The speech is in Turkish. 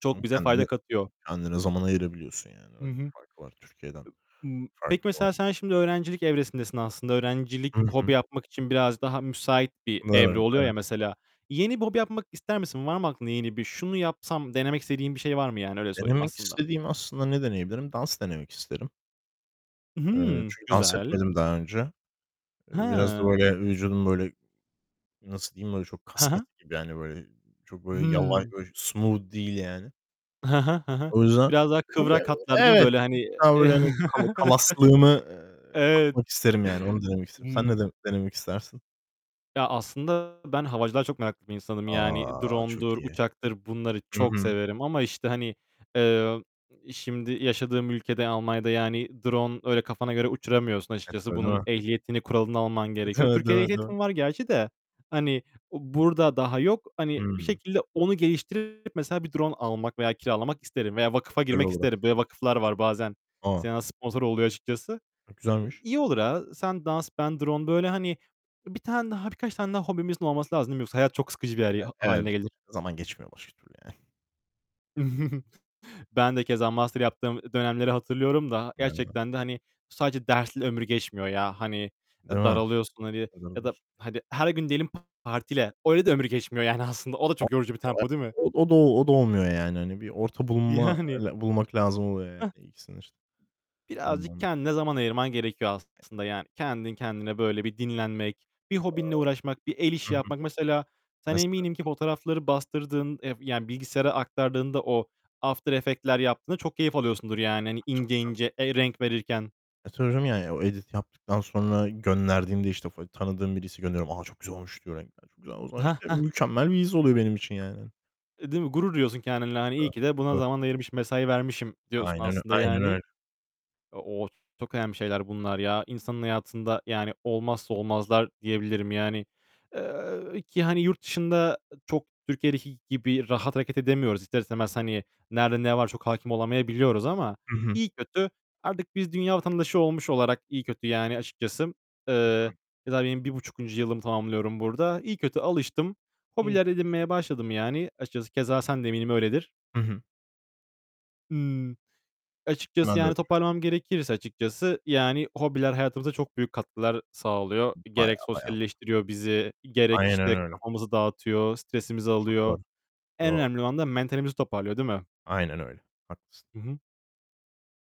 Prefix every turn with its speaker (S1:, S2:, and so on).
S1: Çok
S2: Hıı.
S1: bize
S2: Kendine
S1: fayda katıyor.
S2: kendine zaman ayırabiliyorsun yani,
S1: Hı
S2: öyle
S1: hı.
S2: bir
S1: Ib
S2: farkı var Türkiye'den
S1: m peki
S2: farklı
S1: mesela
S2: olarak.
S1: sen şimdi öğrencilik evresindesin aslında. Öğrencilik
S2: Hı
S1: hobi
S2: hı.
S1: yapmak için biraz daha müsait bir
S2: Evet,
S1: evre
S2: evet,
S1: oluyor
S2: evet.
S1: ya, mesela yeni bir hobi yapmak ister misin? Var mı aklında yeni bir, "Şunu yapsam" denemek istediğin bir şey var mı, yani? Öyle sorayım
S2: Denemek
S1: aslında.
S2: istediğim, aslında ne deneyebilirim? Dans denemek isterim.
S1: I,
S2: Eee,
S1: hıı.
S2: çünkü dans
S1: Güzel.
S2: etmedim daha önce. Eee, biraz da
S1: He!
S2: böyle vücudum, böyle, nasıl diyeyim, böyle, çok
S1: He
S2: kaskatı
S1: he.
S2: gibi yani, böyle, çok böyle yavaş
S1: Hıı.
S2: böyle smooth değil yani.
S1: He he. He he.
S2: O yüzden,
S1: Biraz daha
S2: hani, böyle
S1: kıvrak hatlar, değil mi,
S2: Evet,
S1: böyle
S2: bir
S1: hani?
S2: tık
S1: Iıı.
S2: daha böyle, hani, kala kalaslığımı, eee,
S1: Evet.
S2: atmak isterim, yani onu denemek isterim. Sen ne
S1: Hımm.
S2: dene denemek istersin?
S1: Ya, aslında, ben havacılığa çok meraklı bir insanım. Yani,
S2: A! Çok
S1: drone'dur,
S2: iyi.
S1: uçaktır bunları
S2: Hı
S1: çok
S2: hı.
S1: severim. Ama, işte, hani, eee, iii, şimdi yaşadığım ülkede -Almanya'da yani drone öyle kafana göre uçuramıyorsun
S2: Evet,
S1: açıkçası.
S2: öyle,
S1: Bunun
S2: değil mi?
S1: ehliyetini, kuralını alman gerekiyor. Türkiye'de
S2: [unintelligible]
S1: ehliyetim var gerçi de, hani, o burada daha yok. Hani, bir
S2: Hıı.
S1: şekilde onu geliştirip mesela bir drone almak veya kiralamak isterim veya vakfa
S2: Güzel
S1: girmek
S2: olur
S1: isterim. Böyle
S2: aslında.
S1: vakıflar var bazen
S2: A!
S1: sena sponsor oluyor açıkçası.
S2: E,
S1: E,
S2: güzelmiş.
S1: iyi olur, ha, sen dans; ben drone böyle, hani, 1 tane daha, birkaç tane daha hobimizin olması lazım, değil mi? Yoksa hayat çok sıkıcı bir yer ha
S2: E e
S1: hâline
S2: bit
S1: gelir.
S2: zaman geçmiyor başka türlü yani.
S1: Ben de keza master yaptığım, eee, dönemleri hatırlıyorum da
S2: [unintelligible]
S1: gerçekten de, hani, bu sadece dersle ömür geçmiyor ya. Hani,
S2: Değil
S1: e,
S2: mi?
S1: daralıyorsun, hani ya da
S2: [unintelligible]
S1: hadi her gün diyelim partile. Öyle de ömür geçmiyor, yani aslında o da
S2: [unintelligible]
S1: çok yorucu bir tempo, değil mi?
S2: Od o da o da olmuyor, yani, hani, bir orta bulunma
S1: Yani.
S2: e bulmak lazım oluyor
S1: Heh.
S2: yani. [unintelligible]
S1: Birazcık
S2: Zaman
S1: kendine zaman ayırman gerekiyor aslında.
S2: [unintelligible]
S1: Yani kendin kendine böyle bir dinlenmek. Bir hobinle
S2: [unintelligible]
S1: uğraşmak, bir el
S2: Hı
S1: işi
S2: hı.
S1: yapmak. Mesela sen
S2: Mesela.
S1: eminim ki fotoğrafları bastırdığın ev yani bilgisayara aktardığında o after effect'ler yaptığında çok keyif alıyorsundur. Yani, hani,
S2: Tabii,
S1: ince
S2: tabii.
S1: ince, eee, renk verirken.
S2: E, tabii canım, yani, o edit'i yaptıktan sonra gönderdiğimde, işte, fo tanıdığım birisi gönderiyorum. "A, çok güzel olmuş." diyor renkler, çok güzel. O zaman,
S1: Hah,
S2: işte,
S1: hah.
S2: mükemmel bir his oluyor benim için, hani, yani.
S1: E, değil mi? Gurur duyuyorsun kendinle. Hani, "İyi ki de buna
S2: [unintelligible]
S1: zaman ayırmışım, mesai vermişim." diyorsun,
S2: Aynen ö
S1: aslında
S2: aynen
S1: yani.
S2: öyle.
S1: Eee, ooo, çok önemli şeyler bunlar ya. İnsanın hayatında, yani, olmazsa olmazlar diyebilirim yani. Eee, ki, hani, yurt dışında, ııı, çok Türkiye'deki gibi rahat hareket edemiyoruz. İster istemez, hani, nerede ne var çok hâkim olamayabiliyoruz ama
S2: Hı hı.
S1: iyi kötü artık biz dünya vatandaşı olmuş olarak iyi kötü, yani, açıkçası.
S2: Hı
S1: Eee,
S2: hı.
S1: keza, benim 1,5'inci yılımı tamamlıyorum burada. İyi kötü alıştım.
S2: İyi,
S1: Hobiler
S2: çok iyi.
S1: edinmeye başladım, yani. Açıkçası keza sen de eminim öyledir.
S2: Hı hı.
S1: Imm, açıkçası,
S2: Hemen
S1: yani,
S2: [unintelligible]
S1: toparlamam gerekirse açıkçası, yani, hobiler hayatımıza çok büyük katkılar sağlıyor.
S2: Bayağı,
S1: Gerek
S2: bayağı, bayağı.
S1: sosyalleştiriyor bizi. Gerek,
S2: Aynen
S1: işte,
S2: öyle.
S1: kafamızı dağıtıyor. Stresimizi
S2: Çok doğru.
S1: alıyor.
S2: Doğru, çok
S1: En
S2: doğru.
S1: önemli olan da mentalimizi toparlıyor, değil mi?
S2: Aynen öyle. Haklısın.
S1: Hı hı.